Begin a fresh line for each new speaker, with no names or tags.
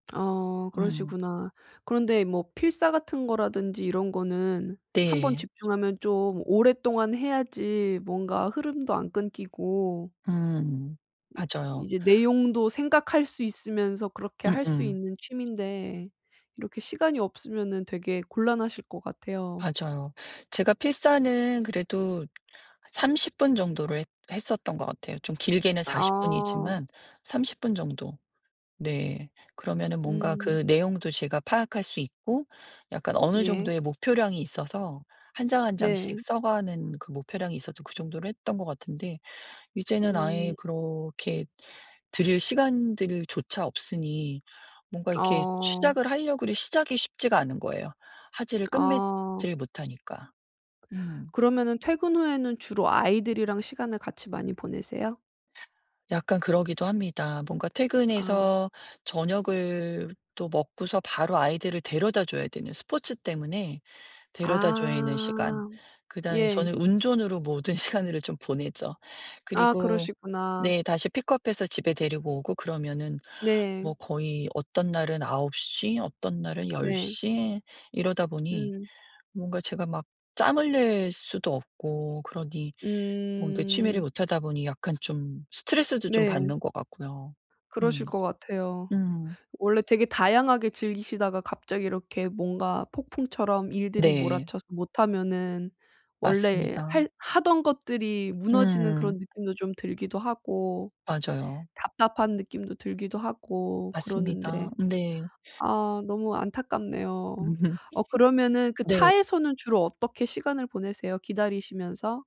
아
음.
그러시구나. 그런데 뭐 필사 같은 거라든지 이런 거는 1 번
네.
집중하면 좀 오랫동안 해야지 뭔가 흐름도 안 끊기고
음.
이
맞아요.
이제 내용도 생각할 수 있으면서 그렇게 할 수
음음.
있는 취미인데 이렇게 시간이 없으면은 되게 곤란하실 것 같아요.
맞아요. 제가 필사는 그래도 30 분 정도로 했 했었던 것 같아요. 좀 길게는 40
아.
분이지만 30 분 정도. 네. 그러면은 뭔가
음.
그 내용도 제가 파악할 수 있고 약간 어느
예.
정도의 목표량이 있어서 1 장 1 장씩
네.
써 가는 그 목표량이 있어서 그 정도로 했던 것 같은데 이제는 아예
음.
그렇게 들일 시간들조차 없으니 뭔가 이렇게
어.
시작을 할려 그래 시작이 쉽지가 않은 거예요 화제를
아.
끝맺질 못하니까. 음.
그러면은 퇴근 후에는 주로 아이들이랑 시간을 같이 많이 보내세요?
약간 그러기도 합니다. 뭔가
아.
퇴근해서 저녁을 또 먹고서 바로 아이들을 데려다줘야 되는 스포츠 때문에 데려다줘야 되는 시간
아.
그다음에
예.
저는 운전으로 모든 시간을 좀 보내죠.
아
그리고
그러시구나.
네. 다시 픽업해서 집에 데리고 오고 그러면은
네.
뭐 거의 어떤 날은 9 시, 어떤 날은 10
네.
시 이러다 보니
음.
뭔가 제가 막 짬을 낼 수도 없고 그러니 뭔가 취미를
음.
못하다 보니 약간 좀 스트레스도 좀
네.
받는 것 같고요.
그러실
음.
것 같아요.
음.
원래 되게 다양하게 즐기시다가 갑자기 이렇게 뭔가 폭풍처럼 일들이
네.
몰아쳐서 못하면은 원래
맞습니다.
할 하던 것들이 무너지는
음.
그런 느낌도 좀 들기도 하고
맞아요.
답답한 느낌도 들기도 하고 그러는데,
맞습니다. 네.
아 너무 안타깝네요. 어 그러면은 그
네.
차에서는 주로 어떻게 시간을 보내세요, 기다리시면서?